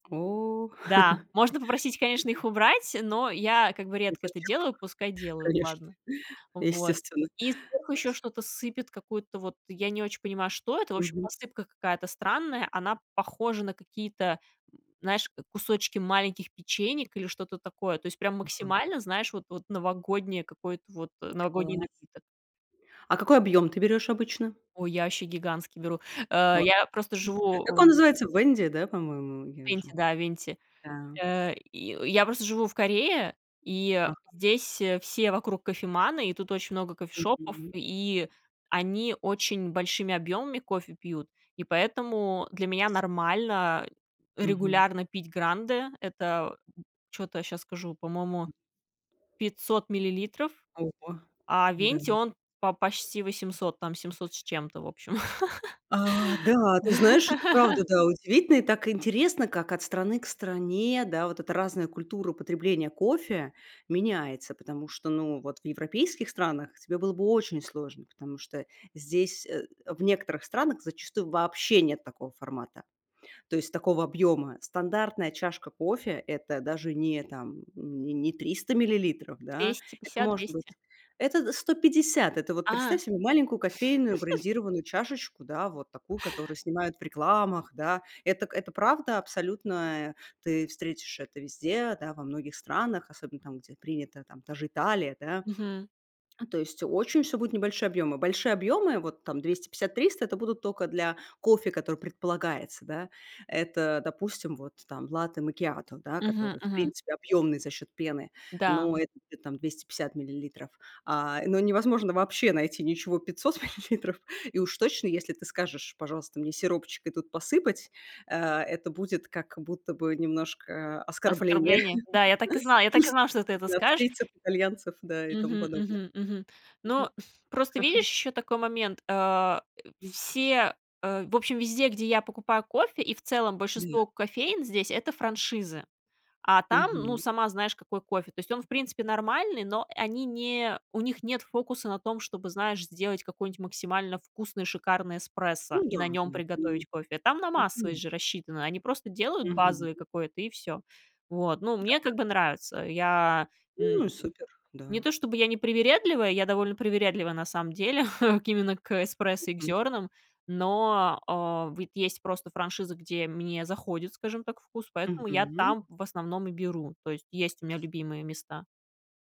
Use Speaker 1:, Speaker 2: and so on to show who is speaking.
Speaker 1: О.
Speaker 2: Да, можно попросить, конечно,
Speaker 1: [unintelligible]
Speaker 2: их убрать, но я, как бы,
Speaker 1: Ну,
Speaker 2: редко это
Speaker 1: зачем вам,
Speaker 2: делаю, пускай делают,
Speaker 1: конечно.
Speaker 2: ладно. Вот,
Speaker 1: Естественно,
Speaker 2: и вдруг ещё
Speaker 1: знать.
Speaker 2: что-то сыпет, какую-то вот я не очень понимаю, что это. В общем,
Speaker 1: Мгм.
Speaker 2: посыпка какая-то странная. Она похожа на какие-то, м, знаешь, кусочки маленьких печенек или что-то такое. То есть прям
Speaker 1: Мгм.
Speaker 2: максимально, знаешь, вот вот новогоднее, какое-то вот э, новогодний
Speaker 1: Класс.
Speaker 2: напиток.
Speaker 1: А какой объём ты берёшь обычно?
Speaker 2: Ой, я ваще гигантский беру, э.
Speaker 1: А,
Speaker 2: Я просто живу
Speaker 1: как он
Speaker 2: в
Speaker 1: называется, "Вэнди"? Да, по-моему, я
Speaker 2: Венти,
Speaker 1: уже
Speaker 2: да, венти,
Speaker 1: да.
Speaker 2: э, и. Я просто живу в Корее, и, э,
Speaker 1: Ага.
Speaker 2: здесь, э, все вокруг кофеманы, и тут очень много кофешопов,
Speaker 1: Мгм.
Speaker 2: и они очень большими объёмами кофе пьют. И поэтому для
Speaker 1: Ничего
Speaker 2: меня
Speaker 1: себе.
Speaker 2: нормально
Speaker 1: Мгм.
Speaker 2: регулярно пить гранды. Это, м, чё-то я щас скажу, по-моему,
Speaker 1: М.
Speaker 2: 500 миллилитров,
Speaker 1: Ого!
Speaker 2: а
Speaker 1: Да.
Speaker 2: венти, он по почти 800, там 700 с чем-то, в общем.
Speaker 1: А, да, ты знаешь, это правда, да, удивительно. И так интересно, как от страны к стране, да, вот эта разная культура потребления кофе меняется, потому что, ну, вот в европейских странах тебе было бы очень сложно, потому что здесь, э, в некоторых странах зачастую вообще нет такого формата. То есть такого объёма стандартная чашка кофе- это даже не там, м не не 300 миллилитров, да,
Speaker 2: двести
Speaker 1: это
Speaker 2: пятьдесят,
Speaker 1: может
Speaker 2: 200.
Speaker 1: быть, это д 150. Это вот представь
Speaker 2: А.
Speaker 1: себе маленькую кофейную брендированную чашечку, да, вот такую, которую снимают в рекламах, да. Это к это правда абсолютная. Ты встретишь это везде, да, во многих странах, особенно там, где принято, там, та же Италия, да.
Speaker 2: Мгм.
Speaker 1: То есть очень всё будет небольшие объёмы. Большие объёмы, вот там 250-300,- это будут тока для кофе, который предполагается, да. Это, допустим, вот там латте макиато, да,
Speaker 2: Мгм
Speaker 1: который, в
Speaker 2: мгм.
Speaker 1: принципе, объёмный за счёт пены,
Speaker 2: Да.
Speaker 1: но это будет там 250 миллилитров, а. Но невозможно вообще найти ничего 500 миллилитров. И уж точно, если ты скажешь: "Пожалуйста, мне сиропчик и тут посыпать",- а, это будет как будто бы немножко оскорбление
Speaker 2: Оскорбления. Да, я так и знала, я так и
Speaker 1: чувств
Speaker 2: знала, что ты это скажешь.
Speaker 1: австрийцев, итальянцев, да, и тому
Speaker 2: Мгм,
Speaker 1: подобное.
Speaker 2: мгм, мгм.
Speaker 1: [unintelligible]
Speaker 2: Ну, просто видишь ещё такой момент, а, э,
Speaker 1: М.
Speaker 2: все, э, в общем, везде, где я покупаю кофе, и в целом
Speaker 1: [unintelligible]
Speaker 2: большинство кофеен здесь- это франшизы. А там, ну,
Speaker 1: Мгм.
Speaker 2: сама знаешь, какой кофе. То есть он, в принципе, нормальный, но они не у них нет фокуса на том, чтобы, знаешь, сделать какой-нибудь максимально вкусный, шикарный эспрессо
Speaker 1: Ну
Speaker 2: и
Speaker 1: да,
Speaker 2: на нём
Speaker 1: да, мгм,
Speaker 2: приготовить кофе. Там на
Speaker 1: а, конечно.
Speaker 2: массовость же рассчитано. Они просто делают
Speaker 1: Мгм.
Speaker 2: базовый какой-то- и всё. Вот, ну,
Speaker 1: Да,
Speaker 2: мне как
Speaker 1: как
Speaker 2: бы нравится. Я, м м
Speaker 1: Ну
Speaker 2: м,
Speaker 1: и супер.
Speaker 2: не
Speaker 1: Да.
Speaker 2: то чтобы я не привередливая, я довольно привередливая, на самом деле, к именно к эспрессо и к
Speaker 1: Мгм.
Speaker 2: зёрнам. Но, э, вот есть просто франшиза, где мне заходит, скажем так, вкус, поэтому я
Speaker 1: Мгм.
Speaker 2: там, в основном, и беру. То есть есть у меня
Speaker 1: С.
Speaker 2: любимые места.